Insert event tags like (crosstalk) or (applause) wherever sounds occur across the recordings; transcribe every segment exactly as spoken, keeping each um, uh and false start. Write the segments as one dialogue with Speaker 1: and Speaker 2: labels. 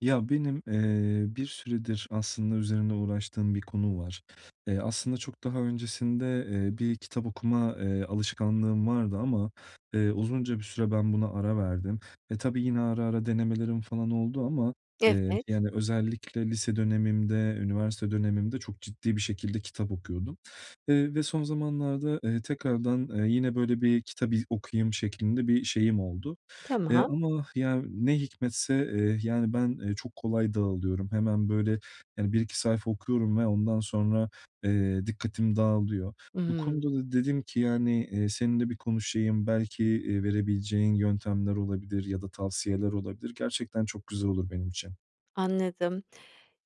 Speaker 1: Ya, benim, eee, bir süredir aslında üzerinde uğraştığım bir konu var. E, aslında çok daha öncesinde, eee, bir kitap okuma, eee, alışkanlığım vardı ama, eee, uzunca bir süre ben buna ara verdim ve tabii yine ara ara denemelerim falan oldu ama, eee,
Speaker 2: Evet.
Speaker 1: yani, özellikle lise dönemimde, üniversite dönemimde çok ciddi bir şekilde kitap okuyordum. Eee, bir de son zamanlarda, eee, tekrardan, eee, yine böyle bir kitap iz okuyayım şeklinde bir şeyim oldu. Eee,
Speaker 2: Tamam.
Speaker 1: ama ya, ne hikmetse, eee, yani, ben, eee, çok kolay dağılıyorum. Hemen böyle, yani, bir iki sayfa okuyorum ve ondan sonra, eee, dikkatim dağılıyor. Bu
Speaker 2: Hımm.
Speaker 1: konuda da dedim ki, yani, eee, seninle bir konuşayım, belki, eee, verebileceğin yöntemler olabilir ya da tavsiyeler olabilir. Gerçekten çok güzel olur benim için.
Speaker 2: Anladım.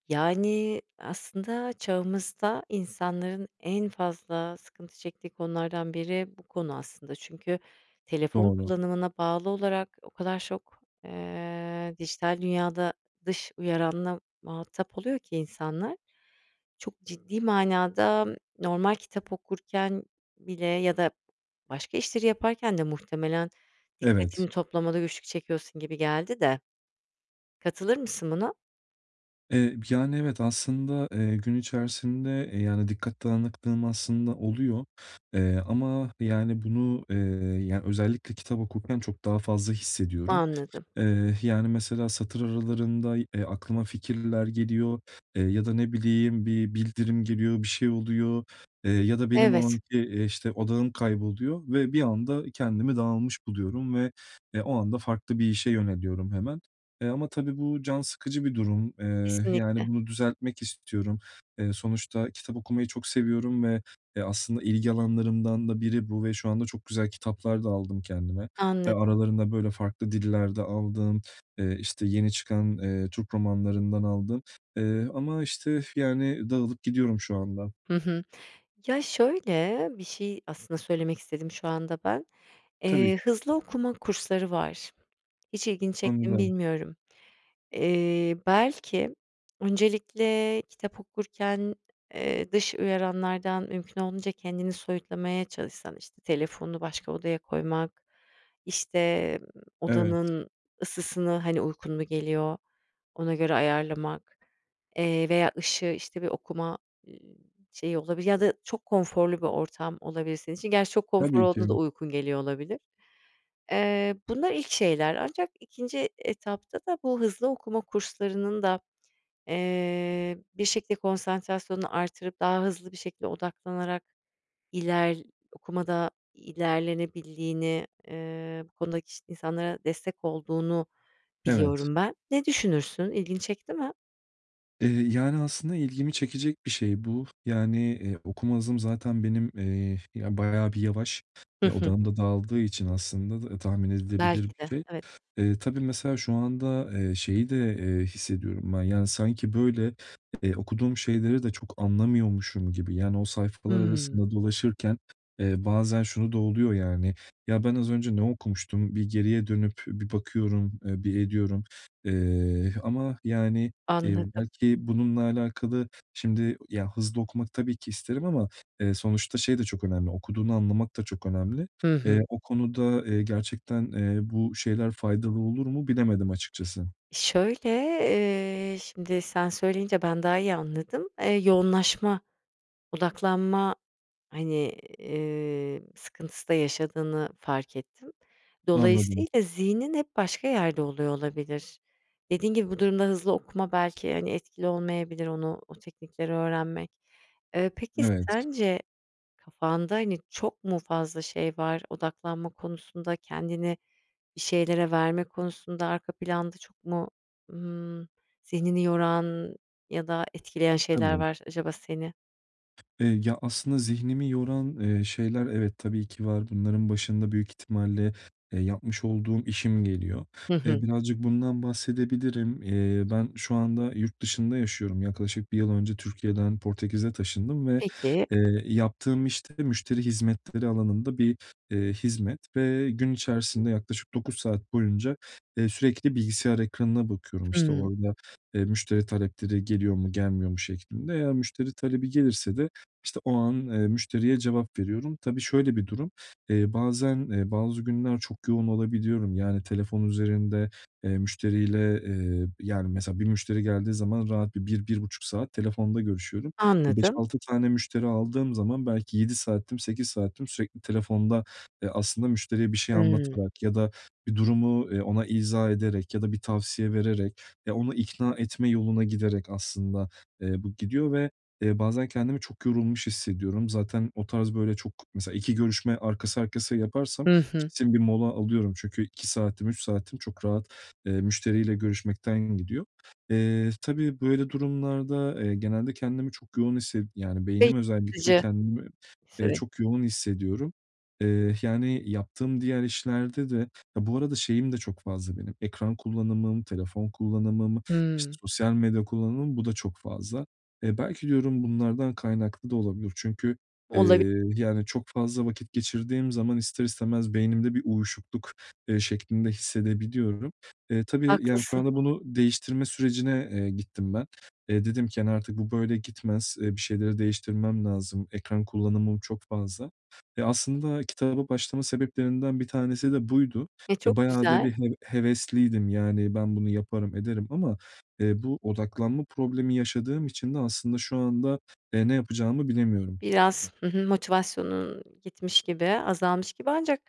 Speaker 2: Yani, aslında çağımızda insanların en fazla sıkıntı çektiği konulardan biri bu konu aslında. Çünkü telefon
Speaker 1: Doğru.
Speaker 2: kullanımına bağlı olarak o kadar çok, eee, dijital dünyada dış uyaranla muhatap oluyor ki insanlar, çok ciddi manada normal kitap okurken bile ya da başka işleri yaparken de muhtemelen
Speaker 1: Evet.
Speaker 2: dikkatini toplamada güçlük çekiyorsun gibi geldi de. Katılır mısın buna?
Speaker 1: Eee, yani, evet, aslında, eee, gün içerisinde, eee, yani, dikkat dağınıklığım aslında oluyor. Eee, ama, yani, bunu, eee, ya özellikle kitap okurken çok daha fazla hissediyorum.
Speaker 2: Anladım.
Speaker 1: Eee, yani, mesela satır aralarında, eee, aklıma fikirler geliyor, eee, ya da ne bileyim bir bildirim geliyor, bir şey oluyor, eee, ya da benim o
Speaker 2: Evet.
Speaker 1: anki, işte, odağım kayboluyor ve bir anda kendimi dağılmış buluyorum ve, eee, o anda farklı bir işe yöneliyorum hemen. Eee, ama tabii bu can sıkıcı bir durum. Eee, yani,
Speaker 2: Kesinlikle.
Speaker 1: bunu düzeltmek istiyorum. Eee, sonuçta kitap okumayı çok seviyorum ve, eee, aslında ilgi alanlarımdan da biri bu ve şu anda çok güzel kitaplar da aldım kendime. Eee,
Speaker 2: Anladım.
Speaker 1: aralarında böyle farklı diller de aldım, eee, işte, yeni çıkan, eee, Türk romanlarından aldım. Eee, ama işte, yani, dağılıp gidiyorum şu anda.
Speaker 2: Hı hı. Ya şöyle bir şey aslında söylemek istedim şu anda ben.
Speaker 1: Tabii.
Speaker 2: Eee, hızlı okuma kursları var. Hiç ilgini çekti mi
Speaker 1: Anladım.
Speaker 2: bilmiyorum. Eee, belki öncelikle kitap okurken, eee, dış uyaranlardan mümkün olduğunca kendini soyutlamaya çalışsan. İşte, telefonunu başka odaya koymak, işte, ııı,
Speaker 1: Evet.
Speaker 2: odanın ısısını, hani, uykun mu geliyor, ona göre ayarlamak, eee, veya ışığı, işte, bir okuma, ııı, şeyi, olabilir ya da çok konforlu bir ortam olabilir senin için. Gerçi çok konfor
Speaker 1: Tabii
Speaker 2: olduğunda da
Speaker 1: ki.
Speaker 2: uykun geliyor olabilir. Eee, bunlar ilk şeyler ancak ikinci etapta da bu hızlı okuma kurslarının da, eee, bir şekilde konsantrasyonunu artırıp daha hızlı bir şekilde odaklanarak, iler okumada ilerlenebildiğini, eee, bu konudaki insanlara destek olduğunu
Speaker 1: Evet.
Speaker 2: biliyorum ben. Ne düşünürsün? İlgini çekti mi?
Speaker 1: Eee, yani aslında ilgimi çekecek bir şey bu. Yani, eee, okuma hızım zaten benim, eee, ya, bayağı bir yavaş
Speaker 2: Hı
Speaker 1: ve
Speaker 2: hı.
Speaker 1: odağım da dağıldığı için aslında da tahmin edilebilir
Speaker 2: Belki
Speaker 1: bir
Speaker 2: de,
Speaker 1: şey.
Speaker 2: evet.
Speaker 1: E, tabii mesela, şu anda, eee, şeyi de, eee, hissediyorum ben, yani sanki, böyle, eee, okuduğum şeyleri de çok anlamıyormuşum gibi, yani o sayfalar
Speaker 2: Hımm.
Speaker 1: arasında dolaşırken, eee, bazen şu da oluyor yani: "Ya, ben az önce ne okumuştum?" Bir geriye dönüp bir bakıyorum, eee, bir ediyorum. Eee, ama yani, eee,
Speaker 2: Anladım.
Speaker 1: belki bununla alakalı, şimdi, ya hızlı okumak tabii ki isterim ama, eee, sonuçta şey de çok önemli, okuduğunu anlamak da çok önemli.
Speaker 2: Hı
Speaker 1: Eee,
Speaker 2: hı.
Speaker 1: o konuda, eee, gerçekten, eee, bu şeyler faydalı olur mu, bilemedim açıkçası.
Speaker 2: Şöyle, eee, şimdi sen söyleyince ben daha iyi anladım. Eee, yoğunlaşma, odaklanma, hani, eee, sıkıntısı da yaşadığını fark ettim.
Speaker 1: Anladım.
Speaker 2: Dolayısıyla zihnin hep başka yerde oluyor olabilir. Dediğin gibi, bu durumda hızlı okuma belki, hani, etkili olmayabilir; onu, o teknikleri öğrenmek. Eee, peki,
Speaker 1: Evet.
Speaker 2: sence kafanda, hani, çok mu fazla şey var? Odaklanma konusunda, kendini bir şeylere verme konusunda arka planda çok mu, ımm, zihnini yoran ya da etkileyen şeyler
Speaker 1: Tabii.
Speaker 2: var acaba seni?
Speaker 1: Eee, ya, aslında zihnimi yoran, eee, şeyler, evet, tabii ki var. Bunların başında büyük ihtimalle, eee, yapmış olduğum işim geliyor.
Speaker 2: Hı
Speaker 1: Eee,
Speaker 2: hı.
Speaker 1: birazcık bundan bahsedebilirim. Eee, ben şu anda yurt dışında yaşıyorum. Yaklaşık bir yıl önce Türkiye'den Portekiz'e taşındım ve,
Speaker 2: Peki.
Speaker 1: eee, yaptığım iş de müşteri hizmetleri alanında bir, eee, hizmet ve gün içerisinde yaklaşık dokuz saat boyunca, eee, sürekli bilgisayar ekranına bakıyorum, işte,
Speaker 2: Hımm.
Speaker 1: orada, eee, müşteri talepleri geliyor mu, gelmiyor mu şeklinde. Eğer müşteri talebi gelirse de, işte, o an, eee, müşteriye cevap veriyorum. Tabii şöyle bir durum, eee, bazen, eee, bazı günler çok yoğun olabiliyorum; yani telefon üzerinde, eee, müşteriyle, eee, yani mesela bir müşteri geldiği zaman rahat bir bir bir buçuk saat telefonda görüşüyorum. E, beş
Speaker 2: Anladım.
Speaker 1: altı tane müşteri aldığım zaman belki yedi saatim, sekiz saatim sürekli telefonda, eee, aslında müşteriye bir şey
Speaker 2: Hımm.
Speaker 1: anlatarak ya da bir durumu, eee, ona izah ederek ya da bir tavsiye vererek, ya onu ikna etme yoluna giderek aslında, eee, bu gidiyor ve, eee, bazen kendimi çok yorulmuş hissediyorum. Zaten o tarz böyle, çok mesela iki görüşme arkası arkasıya yaparsam
Speaker 2: Hı hı.
Speaker 1: kesin bir mola alıyorum; çünkü iki saatim, üç saatim çok rahat, eee, müşteriyle görüşmekten gidiyor. Eee, tabii böyle durumlarda, eee, genelde, kendimi çok yoğun hisse yani
Speaker 2: Ve
Speaker 1: beynim özellikle
Speaker 2: yıpratıcı
Speaker 1: kendimi, eee,
Speaker 2: süreç.
Speaker 1: çok yoğun hissediyorum. Eee, yani yaptığım diğer işlerde de ya bu arada şeyim de çok fazla benim: ekran kullanımım, telefon kullanımım, işte,
Speaker 2: Hımm.
Speaker 1: sosyal medya kullanımım, bu da çok fazla. Eee, belki diyorum bunlardan kaynaklı da olabilir; çünkü,
Speaker 2: Olabi
Speaker 1: eee, yani çok fazla vakit geçirdiğim zaman ister istemez beynimde bir uyuşukluk, eee, şeklinde hissedebiliyorum. Eee, tabii yani şu
Speaker 2: Haklısın.
Speaker 1: anda bunu değiştirme sürecine, eee, gittim ben. Eee, dedim ki: "Hani, artık bu böyle gitmez. Eee, bir şeyleri değiştirmem lazım, ekran kullanımım çok fazla." E, aslında kitaba başlama sebeplerinden bir tanesi de buydu.
Speaker 2: E,
Speaker 1: E,
Speaker 2: çok
Speaker 1: bayağı da
Speaker 2: güzel.
Speaker 1: bir heve hevesliydim. Yani ben bunu yaparım, ederim ama, eee, bu odaklanma problemi yaşadığım için de aslında şu anda, eee, ne yapacağımı bilemiyorum.
Speaker 2: Biraz, hı hı, motivasyonun gitmiş gibi, azalmış gibi ancak,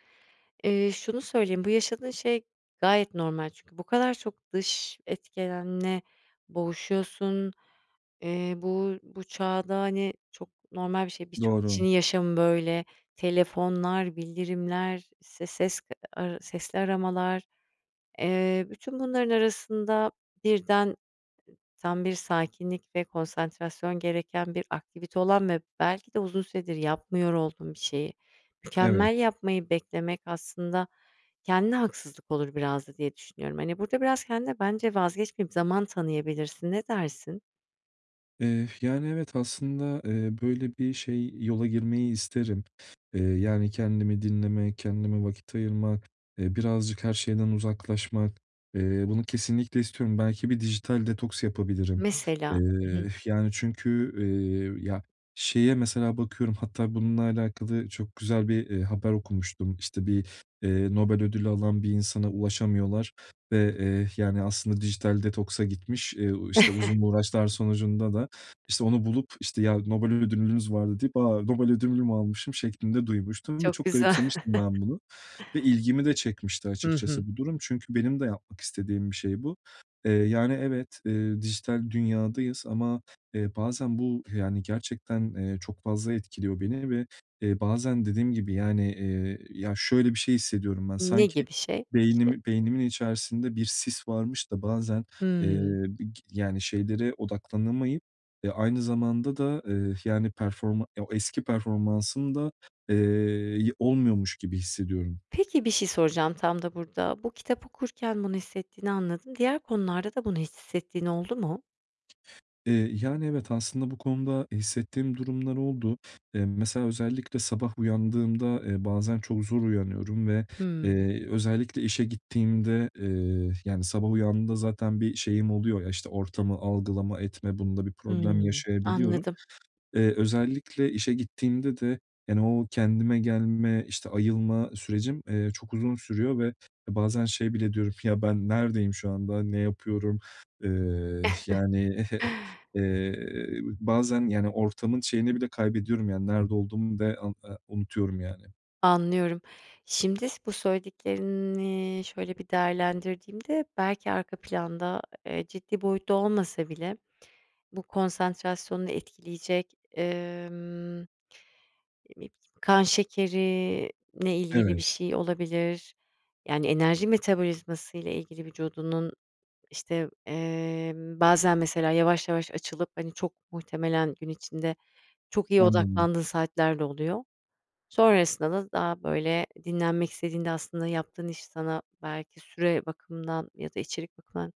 Speaker 2: eee, şunu söyleyeyim: Bu yaşadığın şey gayet normal. Çünkü bu kadar çok dış etkenle boğuşuyorsun. Eee, bu bu çağda, hani, çok normal bir şey. Birçok
Speaker 1: Doğru.
Speaker 2: kişinin yaşamı böyle. Telefonlar, bildirimler, işte, ses ara sesli aramalar. Eee, bütün bunların arasında, birden, eee, tam bir sakinlik ve konsantrasyon gereken bir aktivite olan ve belki de uzun süredir yapmıyor olduğun bir şeyi
Speaker 1: Evet.
Speaker 2: mükemmel yapmayı beklemek aslında kendine haksızlık olur biraz da diye düşünüyorum. Hani, burada biraz kendine bence vazgeçmeyip zaman tanıyabilirsin. Ne dersin?
Speaker 1: Eee, yani, evet aslında, eee, böyle bir şey, yola girmeyi isterim. Eee, yani kendimi dinlemek, kendime vakit ayırmak, eee, birazcık her şeyden uzaklaşmak. Eee, bunu kesinlikle istiyorum. Belki bir dijital detoks yapabilirim.
Speaker 2: Mesela, hı
Speaker 1: Eee,
Speaker 2: hı.
Speaker 1: yani çünkü, eee, ya, şeye mesela bakıyorum; hatta bununla alakalı çok güzel bir, eee, haber okumuştum. İşte bir, eee, Nobel ödülü alan bir insana ulaşamıyorlar ve, eee, yani aslında dijital detoksa gitmiş, eee, işte,
Speaker 2: (chuckles)
Speaker 1: uzun uğraşlar sonucunda da, işte, onu bulup, işte, "Ya, Nobel ödülünüz vardı." deyip, "A! Nobel ödülümü almışım." şeklinde duymuştum ve
Speaker 2: Çok
Speaker 1: çok
Speaker 2: güzel.
Speaker 1: garipsemiştim ben bunu ve ilgimi de
Speaker 2: (chuckles)
Speaker 1: çekmişti
Speaker 2: Hı hı.
Speaker 1: açıkçası bu durum. Çünkü benim de yapmak istediğim bir şey bu. Eee, yani, evet, eee, dijital dünyadayız ama, eee, bazen bu, yani gerçekten, eee, çok fazla etkiliyor beni ve, eee, bazen dediğim gibi, yani, eee, ya şöyle bir şey hissediyorum ben:
Speaker 2: Ne
Speaker 1: Sanki
Speaker 2: gibi şey, bir şey?
Speaker 1: beynimi beynimin içerisinde bir sis varmış da bazen, eee,
Speaker 2: Hımm.
Speaker 1: bi yani, şeylere odaklanamayıp, eee, aynı zamanda da, eee, yani performan o eski performansım da, eee, y olmuyormuş gibi hissediyorum.
Speaker 2: Peki, bir şey soracağım tam da burada: Bu, kitap okurken bunu hissettiğini anladım. Diğer konularda da bunu hissettiğin oldu mu?
Speaker 1: Eee, yani, evet, aslında bu konuda hissettiğim durumlar oldu. Eee, mesela, özellikle sabah uyandığımda, eee, bazen çok zor uyanıyorum ve,
Speaker 2: Hımm.
Speaker 1: eee, özellikle işe gittiğimde, eee, yani, sabah uyandığımda zaten bir şeyim oluyor. Ya, işte, ortamı algılama etme, bunda bir problem
Speaker 2: Hımm,
Speaker 1: yaşayabiliyorum.
Speaker 2: anladım.
Speaker 1: Eee, özellikle işe gittiğimde de, yani, o kendime gelme, işte, ayılma sürecim, eee, çok uzun sürüyor ve bazen şey bile diyorum. "Ya, ben neredeyim şu anda, ne yapıyorum?" Eee,
Speaker 2: (giggles)
Speaker 1: yani (giggles) eee, bazen, yani, ortamın şeyini bile kaybediyorum. Yani, nerede olduğumu da be a unutuyorum, yani.
Speaker 2: Anlıyorum. Şimdi bu söylediklerini şöyle bir değerlendirdiğimde belki arka planda, eee, ciddi boyutta olmasa bile bu konsantrasyonunu etkileyecek, emm (unintelligible) kan şekerinle ilgili bir
Speaker 1: Evet.
Speaker 2: şey olabilir. Yani, enerji metabolizması ile ilgili vücudunun, işte, eee, bazen mesela yavaş yavaş açılıp, hani, çok muhtemelen gün içinde çok iyi
Speaker 1: Anladım.
Speaker 2: odaklandığın saatlerde oluyor. Sonrasında da daha böyle dinlenmek istediğinde aslında yaptığın iş sana belki süre bakımından ya da içerik bakımından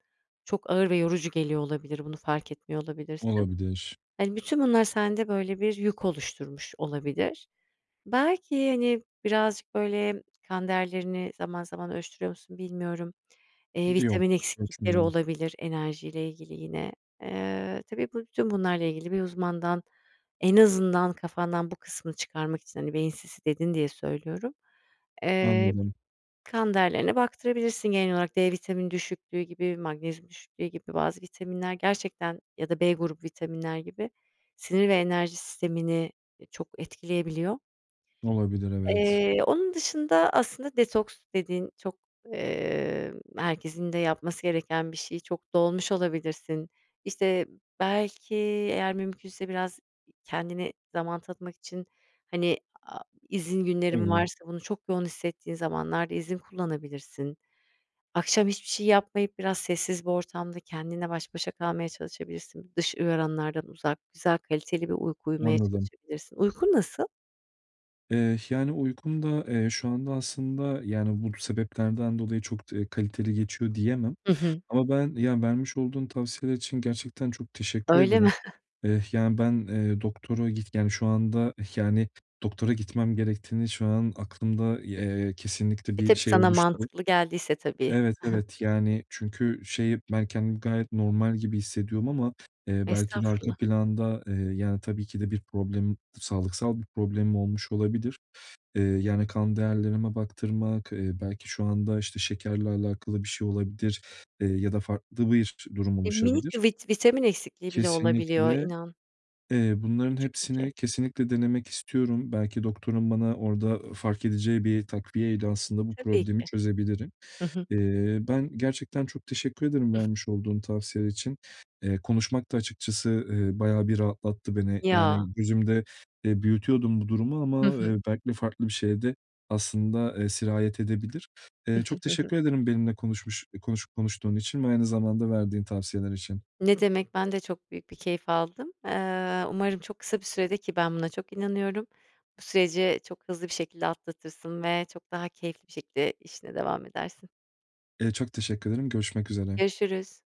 Speaker 2: çok ağır ve yorucu geliyor olabilir. Bunu fark etmiyor olabilirsin.
Speaker 1: Olabilir.
Speaker 2: Hani, bütün bunlar sende böyle bir yük oluşturmuş olabilir. Belki, hani, birazcık böyle kan değerlerini zaman zaman ölçtürüyor musun bilmiyorum. Eee,
Speaker 1: Yok,
Speaker 2: vitamin eksiklikleri
Speaker 1: ölçmüyorum.
Speaker 2: olabilir enerjiyle ilgili yine. Eee, tabii bu bütün bunlarla ilgili bir uzmandan en azından kafandan bu kısmını çıkarmak için, hani, beyin sisi dedin diye söylüyorum. Eee
Speaker 1: Anladım.
Speaker 2: kan değerlerine baktırabilirsin genel olarak. D vitamini düşüklüğü gibi, magnezyum düşüklüğü gibi bazı vitaminler gerçekten ya da B grubu vitaminler gibi sinir ve enerji sistemini, e, çok etkileyebiliyor.
Speaker 1: Olabilir, evet.
Speaker 2: Eee, onun dışında aslında detoks dedin. Çok, eee, herkesin de yapması gereken bir şey. Çok dolmuş olabilirsin. İşte, belki eğer mümkünse biraz kendine zaman tanıtmak için, hani, a izin günlerin
Speaker 1: (unintelligible)
Speaker 2: varsa bunu çok yoğun hissettiğin zamanlarda izin kullanabilirsin. Akşam hiçbir şey yapmayıp biraz sessiz bir ortamda kendinle baş başa kalmaya çalışabilirsin. Dış uyaranlardan uzak, güzel, kaliteli bir uyku uyumaya
Speaker 1: Anladım.
Speaker 2: çalışabilirsin. Uykun nasıl?
Speaker 1: Eee, yani uykum da, eee, şu anda aslında, yani bu sebeplerden dolayı çok d eee, kaliteli geçiyor diyemem
Speaker 2: Hı hı.
Speaker 1: ama ben, ya vermiş olduğun tavsiyeler için gerçekten çok teşekkür
Speaker 2: Öyle mi?
Speaker 1: ederim.
Speaker 2: (chuckles)
Speaker 1: Eee, yani ben, eee, doktora git yani şu anda, yani doktora gitmem gerektiğini şu an aklımda, eee, kesinlikle
Speaker 2: E,
Speaker 1: bir
Speaker 2: tabii
Speaker 1: şey
Speaker 2: sana
Speaker 1: oluştu.
Speaker 2: mantıklı geldiyse tabii.
Speaker 1: Evet,
Speaker 2: Hı hı.
Speaker 1: evet. Yani çünkü şey, ben kendimi gayet normal gibi hissediyorum ama, eee, belki de arka
Speaker 2: Estağfurullah.
Speaker 1: planda, eee, yani tabii ki de bir problemim, sağlıksal bir problemim olmuş olabilir. Eee, yani kan değerlerime baktırmak eee, belki şu anda, işte, şekerle alakalı bir şey olabilir, eee, ya da farklı bir durum
Speaker 2: E, minik
Speaker 1: oluşabilir.
Speaker 2: bir vit vitamin eksikliği bile olabiliyor
Speaker 1: Kesinlikle.
Speaker 2: inan.
Speaker 1: Eee, bunların
Speaker 2: Küçük bir şey.
Speaker 1: hepsini kesinlikle denemek istiyorum. Belki doktorun bana orada fark edeceği bir takviyeyle aslında bu
Speaker 2: Tabii
Speaker 1: problemi
Speaker 2: ki,
Speaker 1: çözebilirim.
Speaker 2: hı hı.
Speaker 1: Eee, ben gerçekten çok teşekkür ederim vermiş olduğun tavsiyeler için. Eee, konuşmak da açıkçası, eee, bayağı bir rahatlattı beni.
Speaker 2: Ya!
Speaker 1: Yani gözümde, eee, büyütüyordum bu durumu
Speaker 2: Hı
Speaker 1: ama, eee,
Speaker 2: hı.
Speaker 1: belkide farklı bir şeye de aslında, eee, sirayet edebilir.
Speaker 2: Hı
Speaker 1: Eee,
Speaker 2: hı,
Speaker 1: çok
Speaker 2: hı hı.
Speaker 1: teşekkür ederim benimle konuşmuş eee, konuşup konuştuğun için ve aynı zamanda verdiğin tavsiyeler için.
Speaker 2: Ne demek? Ben de çok büyük bir keyif aldım. Eee, umarım çok kısa bir süredir, ki ben buna çok inanıyorum, bu süreci çok hızlı bir şekilde atlatırsın ve çok daha keyifli bir şekilde işine devam edersin.
Speaker 1: Eee, çok teşekkür ederim. Görüşmek üzere.
Speaker 2: Görüşürüz.